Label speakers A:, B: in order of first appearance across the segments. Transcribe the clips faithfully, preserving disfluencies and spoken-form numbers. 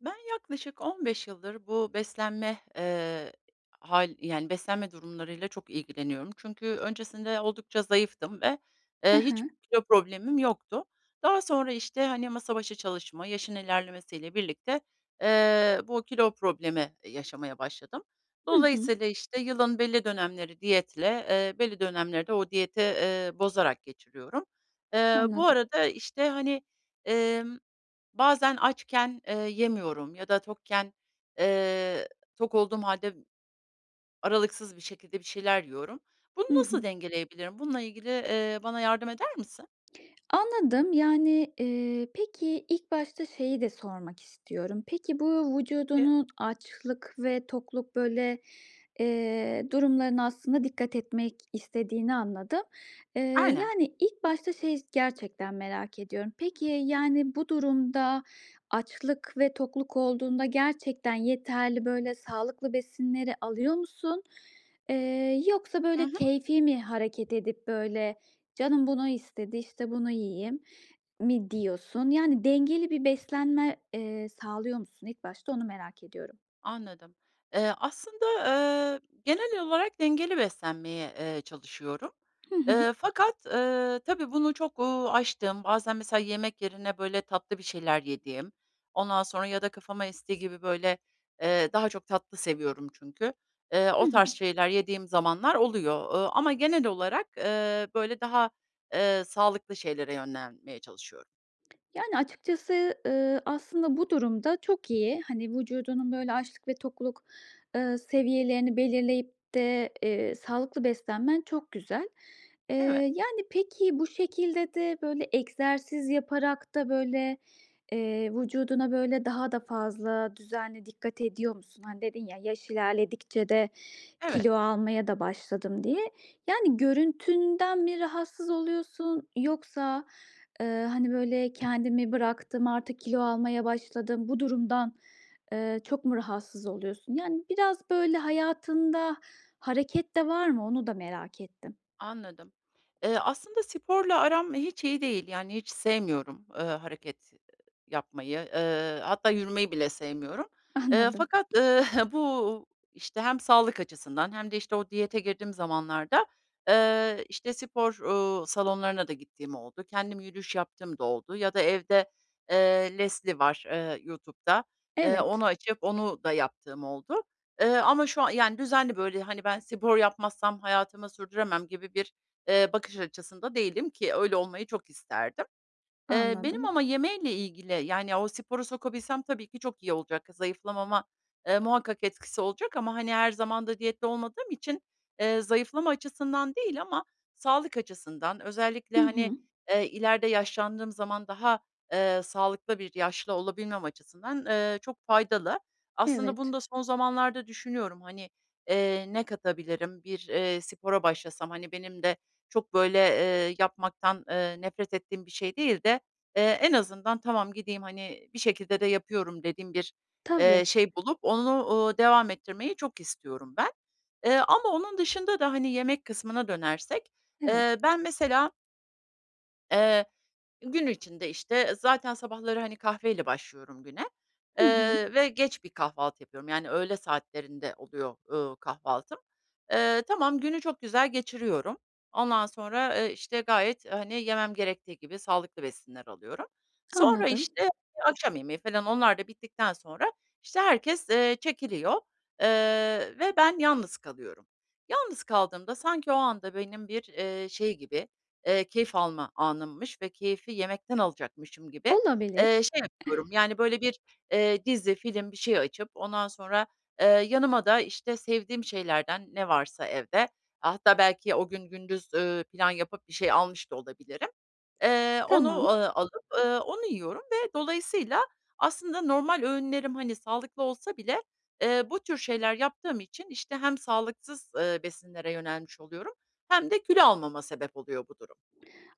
A: Ben, yaklaşık on beş yıldır bu beslenme, eee, hâl yani, beslenme durumlarıyla çok ilgileniyorum. Çünkü öncesinde oldukça zayıftım ve,
B: Hı
A: eee, hiç
B: hı.
A: kilo problemim yoktu. Daha sonra, işte, hani, masa başı çalışma, yaşın ilerlemesiyle birlikte, eee, bu kilo problemi yaşamaya başladım.
B: Hı hı.
A: Dolayısıyla, işte, yılın belli dönemleri diyetle, eee, belli dönemleri de o diyeti, eee, bozarak geçiriyorum. Eee, bu
B: Anladım.
A: arada, işte, hani, emm, bazen açken, eee, yemiyorum ya da tokken, eee, tok olduğum hâlde aralıksız bir şekilde bir şeyler yiyorum. Bunu
B: Hı
A: nasıl
B: hı.
A: dengeleyebilirim? Bununla ilgili, eee, bana yardım eder misin?
B: Anladım. Yani, eee, peki ilk başta şeyi de sormak istiyorum; peki, bu vücudunun açlık ve tokluk, böyle, eee, durumlarına aslında dikkat etmek istediğini anladım. Eee,
A: Aynen.
B: yani, ilk başta, şey, gerçekten merak ediyorum. Peki, yani, bu durumda açlık ve tokluk olduğunda gerçekten yeterli böyle sağlıklı besinleri alıyor musun? Eee, yoksa,
A: I
B: böyle,
A: hı.
B: keyfi mi hareket edip böyle, "Canım bunu istedi, işte, bunu yiyeyim." mi diyorsun? Yani, dengeli bir beslenme, eee, sağlıyor musun ilk başta onu merak ediyorum.
A: Anladım. Eee, aslında, ııı, genel olarak dengeli beslenmeye, eee, çalışıyorum.
B: Hı hı.
A: Eee, fakat, eee, tabii bunu çok, uuu, aştığım bazen mesela yemek yerine, böyle, tatlı bir şeyler yediğim, ondan sonra ya da kafama estiği gibi, böyle, eee, -daha çok tatlı seviyorum çünkü eee,
B: Hı
A: o tarz
B: hı.
A: şeyler yediğim zamanlar oluyor, ııı, ama genel olarak, eee, böyle daha, eee, sağlıklı şeylere yönlenmeye çalışıyorum.
B: Yani, açıkçası, ııı, aslında bu durum da çok iyi. Hani, vücudunun böyle açlık ve tokluk, eee, seviyelerini belirleyip de, eee, sağlıklı beslenmen çok güzel. Eee,
A: Eve
B: yani, peki, bu şekilde de böyle egzersiz yaparak da, böyle, eee, vücuduna, böyle, daha da fazla düzenli dikkat ediyor musun? Hani, dedin ya, "Yaş ilerledikçe de kilo
A: Evet.
B: almaya da başladım." diye. Yani, görüntünden mi rahatsız oluyorsun yoksa, eee, hani, böyle, "Kendimi bıraktım, artık kilo almaya başladım." Bu durumdan, eee, çok mu rahatsız oluyorsun? Yani, biraz, böyle, hayatında hareket de var mı onu da merak ettim.
A: Anladım. Eee, aslında sporla aram hiç iyi değil. Yani, hiç sevmiyorum, eee, hareket yapmayı. Eee, hatta yürümeyi bile sevmiyorum. Eee,
B: Anladım.
A: fakat, eee, bu, işte, hem sağlık açısından hem de, işte, o diyete girdiğim zamanlarda, eee, işte, spor, uuu, salonlarına da gittiğim oldu. Kendim yürüyüş yaptığım da oldu. Ya da evde, eee, Leslie var, eee, YouTube'da. Eee,
B: Evet.
A: onu açıp onu da yaptığım oldu. Eee, ama şu an yani, düzenli böyle, hani, "Ben, spor yapmazsam hayatımı sürdüremem." gibi bir, eee, bakış açısında değilim, ki öyle olmayı çok isterdim. Eee, benim
B: Anladım.
A: ama yemeyle ilgili, yani, o sporu sokabilsem tabii ki çok iyi olacak. Zayıflamama, eee, muhakkak etkisi olacak ama, hani, her zaman da diyette olmadığım için, eee, zayıflama açısından değil ama sağlık açısından
B: Hı
A: özellikle, hani,
B: hı.
A: eee, ileride yaşlandığım zaman daha, eee, sağlıklı bir yaşlı olabilmem açısından, eee, çok faydalı. Aslında bunu
B: Evet.
A: da son zamanlarda düşünüyorum, hani, eee, ne katabilirim? Bir, eee, spora başlasam, hani, benim de çok böyle, eee, yapmaktan, eee, nefret ettiğim bir şey değil de, eee, en azından, "Tamam, gideyim, hani, bir şekilde de yapıyorum." dediğim bir,
B: Tabii.
A: eee, şey bulup onu, uuu, devam ettirmeyi çok istiyorum ben. Eee, ama onun dışında da, hani, yemek kısmına dönersek,
B: Evet.
A: eee, ben mesela Iıı, gün içinde, işte, zaten sabahları, hani, kahveyle başlıyorum güne,
B: Hı hı.
A: ııı, ve geç bir kahvaltı yapıyorum, yani, öğle saatlerinde oluyor, ııı, kahvaltım. Iıı, tamam, günü çok güzel geçiriyorum. Ondan sonra, ııı, işte, gayet, hani, yemem gerektiği gibi sağlıklı besinler alıyorum. Sonra,
B: Anladım.
A: işte, akşam yemeği falan onlar da bittikten sonra, işte, herkes, ııı, çekiliyor, ııı, ve ben yalnız kalıyorum. Yalnız kaldığımda sanki o anda benim bir, ııı, şey gibi, ııı, keyif alma anımmış ve keyfi yemekten alacakmışım gibi,
B: Olabilir.
A: ııı, şey yapıyorum, yani, böyle bir, ııı, dizi, film bir şey açıp ondan sonra, ııı, yanıma da, işte, sevdiğim şeylerden ne varsa evde -hatta belki o gün gündüz, ııı, plan yapıp bir şey almış da olabilirim ııı, onu,
B: Tamam.
A: ııı, alıp, ııı, onu yiyorum ve dolayısıyla aslında normal öğünlerim, hani, sağlıklı olsa bile, ııı, bu tür şeyler yaptığım için, işte, hem sağlıksız, ııı, besinlere yönelmiş oluyorum hem de kilo almama sebep oluyor bu durum.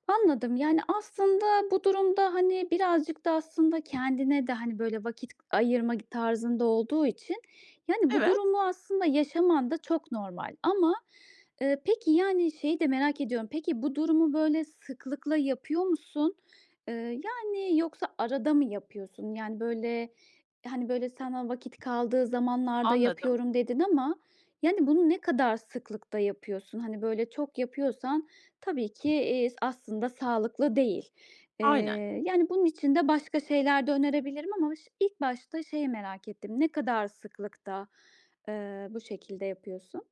B: Anladım. Yani, aslında bu durumda, hani, birazcık da aslında kendine de, hani, böyle vakit ayırma tarzında olduğu için, yani, bu
A: Evet.
B: durumu aslında yaşaman da çok normal. Ama, ııı, peki, yani, şeyi de merak ediyorum. Peki, bu durumu böyle sıklıkla yapıyor musun? Iıı, yani, yoksa arada mı yapıyorsun? Yani, böyle, hani, böyle, sana vakit kaldığı zamanlarda
A: Anladım.
B: yapıyorum, dedin ama, yani, bunu ne kadar sıklıkta yapıyorsun? Hani, böyle çok yapıyorsan tabii ki, iii, aslında sağlıklı değil.
A: Aynen.
B: Iıı, yani, bunun için de başka şeyler de önerebilirim ama ş ilk başta şeyi merak ettim. Ne kadar sıklıkta, ııı, bu şekilde yapıyorsun?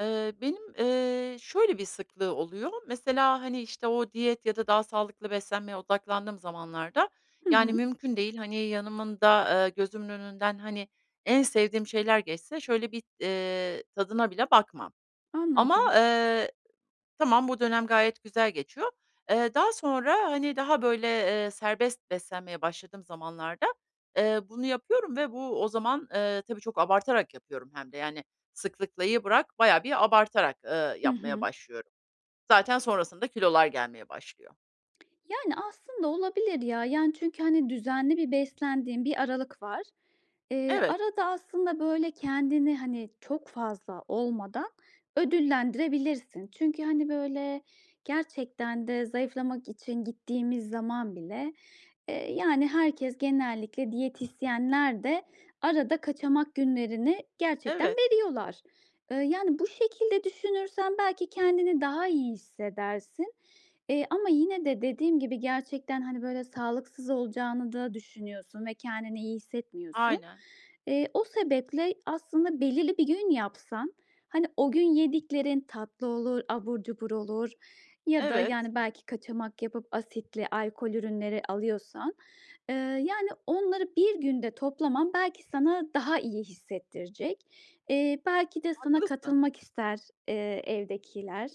A: Eee, benim, eee, şöyle, bir sıklığı oluyor mesela, hani, işte, o diyet ya da daha sağlıklı beslenmeye odaklandığım zamanlarda,
B: Hı
A: yani,
B: hı.
A: mümkün değil, hani, yanımında eee, gözümün önünden, hani, en sevdiğim şeyler geçse şöyle bir, eee, tadına bile bakmam. Ama,
B: Anladım.
A: eee, tamam bu dönem gayet güzel geçiyor. Eee, daha sonra, hani, daha, böyle, eee, serbest beslenmeye başladığım zamanlarda, eee, bunu yapıyorum ve bu o zaman, eee, tabii çok abartarak yapıyorum hem de, yani, sıklıklayı bırak bayağı bir abartarak, eee,
B: Hı
A: yapmaya
B: hı.
A: başlıyorum. Zaten sonrasında kilolar gelmeye başlıyor.
B: Yani, aslında olabilir ya. Yani, çünkü, hani, düzenli bir beslendiğin bir aralık var. Eee,
A: Evet.
B: arada aslında, böyle kendini, hani, çok fazla olmadan ödüllendirebilirsin. Çünkü, hani, böyle, gerçekten de zayıflamak için gittiğimiz zaman bile, eee, yani, herkes genellikle diyetisyenler de arada kaçamak günlerini gerçekten
A: Evet.
B: veriyorlar. Eee, yani, bu şekilde düşünürsen belki kendini daha iyi hissedersin, eee, ama yine de dediğim gibi gerçekten, hani, böyle, sağlıksız olacağını da düşünüyorsun ve kendini iyi hissetmiyorsun.
A: Aynen.
B: Eee, o sebeple aslında belirli bir gün yapsan, hani, o gün yediklerin tatlı olur, abur cubur olur ya da,
A: Evet.
B: yani, belki kaçamak yapıp asitli alkol ürünleri alıyorsan. Eee, yani, onları bir günde toplaman belki sana daha iyi hissettirecek. Eee, belki de sana
A: Haklısın.
B: katılmak ister, eee, evdekiler.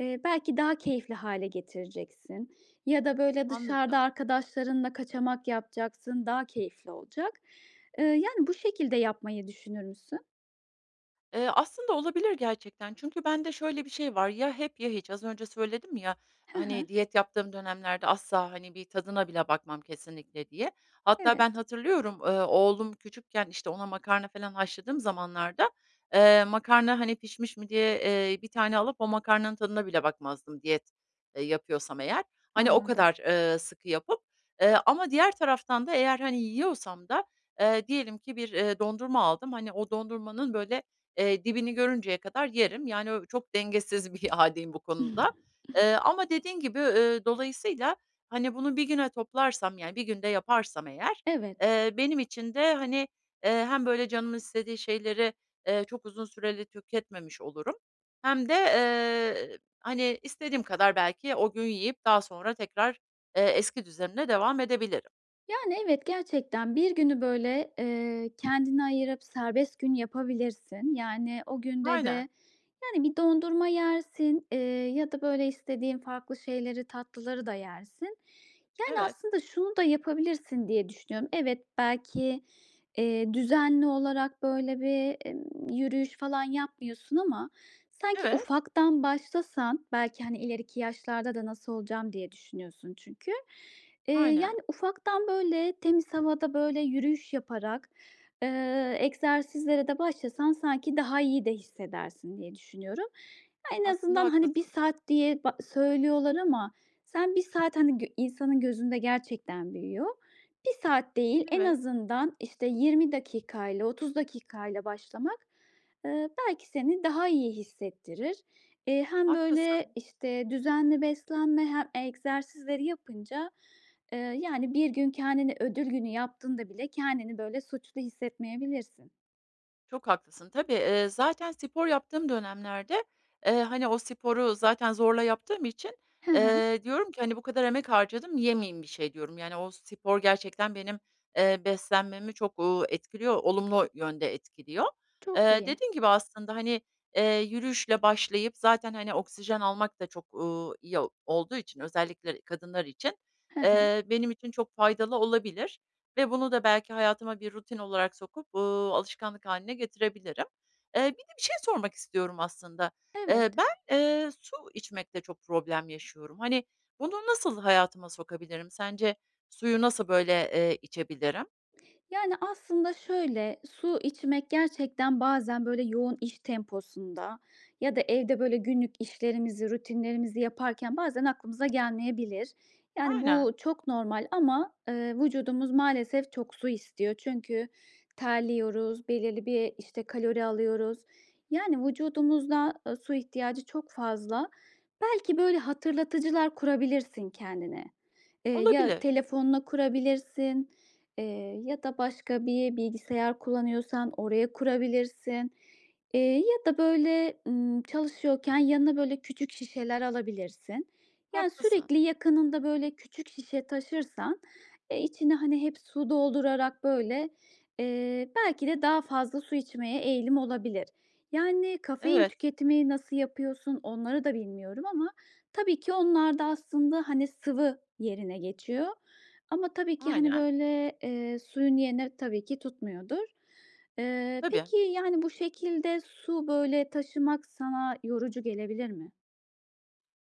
B: Eee, belki daha keyifli hâle getireceksin ya da, böyle, dışarıda
A: Anladım.
B: arkadaşlarınla kaçamak yapacaksın, daha keyifli olacak. Eee, yani, bu şekilde yapmayı düşünür müsün?
A: Eee, aslında olabilir gerçekten. Çünkü bende şöyle bir şey var; ya hep ya hiç. Az önce söyledim ya
B: Hı hı.
A: hani, diyet yaptığım dönemlerde asla, hani, bir tadına bile bakmam kesinlikle diye. Hatta ben
B: Evet.
A: hatırlıyorum, ııı, oğlum küçükken, işte, ona makarna falan haşladığım zamanlarda, eee, makarna, hani, pişmiş mi diye, eee, bir tane alıp o makarnanın tadına bile bakmazdım diyet, ııı, yapıyorsam eğer. Hani, o
B: Anladım.
A: kadar, ııı, sıkı yapıp Eee, ama diğer taraftan da eğer, hani, yiyorsam da, eee, diyelim ki bir, eee, dondurma aldım. Hani, o dondurmanın böyle, eee, dibini görünceye kadar yerim. Yani, ö çok dengesiz bir hâldeyim bu konuda. Iıı, ama dediğin gibi, ııı, dolayısıyla, hani, bunu bir güne toplarsam, yani, bir günde yaparsam eğer,
B: Evet.
A: eee, benim için de, hani, eee, hem böyle canımın istediği şeyleri, eee, çok uzun süreli tüketmemiş olurum hem de, ııı, hani, istediğim kadar belki o gün yiyip daha sonra tekrar, eee, eski düzenime devam edebilirim.
B: Yani, evet, gerçekten bir günü böyle, ııı kendine ayırıp serbest gün yapabilirsin. Yani, o günde
A: Aynen.
B: de, yani, bir dondurma yersin, eee, ya da böyle istediğin farklı şeyleri, tatlıları da yersin. Yani,
A: Evet.
B: aslında şunu da yapabilirsin diye düşünüyorum. Evet belki, eee, düzenli olarak böyle bir, emm, yürüyüş falan yapmıyorsun ama sanki
A: Evet.
B: ufaktan başlasan belki, hani, "İleriki yaşlarda da nasıl olacağım?" diye düşünüyorsun çünkü. Eee,
A: Aynen.
B: yani, ufaktan, böyle temiz havada böyle yürüyüş yaparak, eee, egzersizlere de başlasan sanki daha iyi de hissedersin diye düşünüyorum. Ya, en
A: Aslında
B: azından, hani, bir
A: haklısın.
B: saat diye ba söylüyorlar ama sen bir saat, hani, gö insanın gözünde gerçekten büyüyor. Bir saat değil en
A: Evet.
B: azından, işte, yirmi dakika ile otuz dakika ile başlamak, ııı, belki seni daha iyi hissettirir. Eee, hem
A: Haklısın.
B: böyle, işte, düzenli beslenme he egzersizleri yapınca, ııı, yani, bir gün kendini ödül günü yaptığında bile kendini böyle suçlu hissetmeyebilirsin.
A: Çok haklısın, tabii, eee, zaten spor yaptığım dönemlerde, eee, hani, o sporu zaten zorla yaptığım için,
B: He he.
A: eee, diyorum ki, hani, "Bu kadar emek harcadım, yemeyeyim bir şey." diyorum. Yani, o spor gerçekten benim, eee, beslenmemi çok, ııı, etkiliyor olumlu yönde etkiliyor.
B: Çok
A: Eee,
B: iyi.
A: dediğim gibi aslında, hani, eee, yürüyüşle başlayıp zaten, hani, oksijen almak da çok, uuu, iyi olduğu için özellikle kadınlar için,
B: He he.
A: eee, benim için çok faydalı olabilir ve bunu da belki hayatıma bir rutin olarak sokup, ııı, alışkanlık hâline getirebilirim. Eee, bir de bir şey sormak istiyorum aslında. Eee,
B: Evet.
A: ben, eee, su içmekte çok problem yaşıyorum. Hani, bunu nasıl hayatıma sokabilirim? Sence suyu nasıl, böyle, eee, içebilirim?
B: Yani, aslında, şöyle, su içmek gerçekten bazen, böyle, yoğun iş temposunda ya da evde, böyle, günlük işlerimizi, rutinlerimizi yaparken bazen aklımıza gelmeyebilir. Yani, bu
A: Aynen.
B: çok normal ama, ııı, vücudumuz maalesef çok su istiyor çünkü terliyoruz, belirli bir, işte, kalori alıyoruz. Yani, vücudumuzda ı su ihtiyacı çok fazla. Belki, böyle, hatırlatıcılar kurabilirsin kendine. Eee, ya,
A: Olabilir.
B: telefonuna kurabilirsin, eee, ya da başka bir bilgisayar kullanıyorsan oraya kurabilirsin, eee, ya da, böyle, ımm, çalışıyorken yanına, böyle, küçük şişeler alabilirsin. Yani,
A: Haklısın.
B: sürekli yakınında, böyle, küçük şişe taşırsan, eee, içine, hani, hep su doldurarak, böyle, eee, belki de daha fazla su içmeye eğilim olabilir. Yani, kafein
A: Evet.
B: tüketimini nasıl yapıyorsun onları da bilmiyorum ama tabii ki onlar da aslında, hani, sıvı yerine geçiyor ama tabii ki, hani,
A: Aynen.
B: böyle, eee, suyun yerini tabii ki tutmuyordur. Eee,
A: Tabii.
B: peki, yani, bu şekilde su, böyle, taşımak sana yorucu gelebilir mi?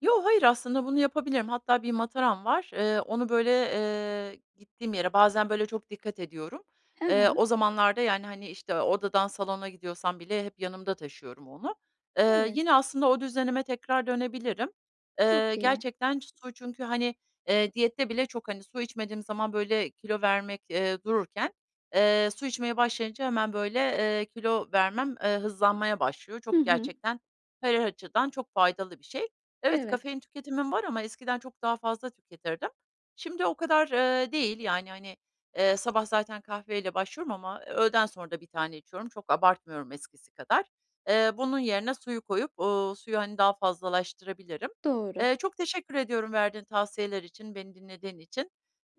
A: Yo, hayır, aslında bunu yapabilirim. Hatta bir mataram var, eee, onu, böyle, eee, gittiğim yere bazen, böyle, çok dikkat ediyorum.
B: He
A: Eee,
B: he.
A: o zamanlarda, yani, hani, işte, odadan salona gidiyorsam bile hep yanımda taşıyorum onu. Eee,
B: Evet.
A: yine aslında o düzenime tekrar dönebilirim.
B: Çok
A: Eee,
B: iyi.
A: gerçekten su çünkü, hani, eee, diyette bile çok, hani, su içmediğim zaman, böyle, kilo vermek, eee, dururken, eee, su içmeye başlayınca hemen, böyle, eee, kilo vermem, eee, hızlanmaya başlıyor.
B: Hı
A: Çok
B: hı.
A: gerçekten her açıdan çok faydalı bir şey. Evet,
B: Evet.
A: kafein tüketimim var ama eskiden çok daha fazla tüketirdim. Şimdi o kadar, eee, değil, yani, hani, eee, sabah zaten kahveyle başlıyorum ama öğleden sonra da bir tane içiyorum. Çok abartmıyorum eskisi kadar. Eee, bunun yerine suyu koyup, uuu, suyu, hani, daha fazlalaştırabilirim.
B: Doğru.
A: Eee, çok teşekkür ediyorum verdiğin tavsiyeler için, beni dinlediğin için.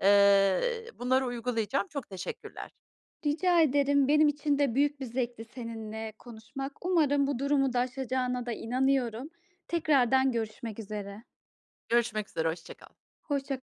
A: Eee, bunları uygulayacağım. Çok teşekkürler.
B: Rica ederim, benim için de büyük bir zevkti seninle konuşmak. Umarım bu durumu da aşacağına da inanıyorum. Tekrardan görüşmek üzere.
A: Görüşmek üzere. Hoşça kal.
B: Hoşça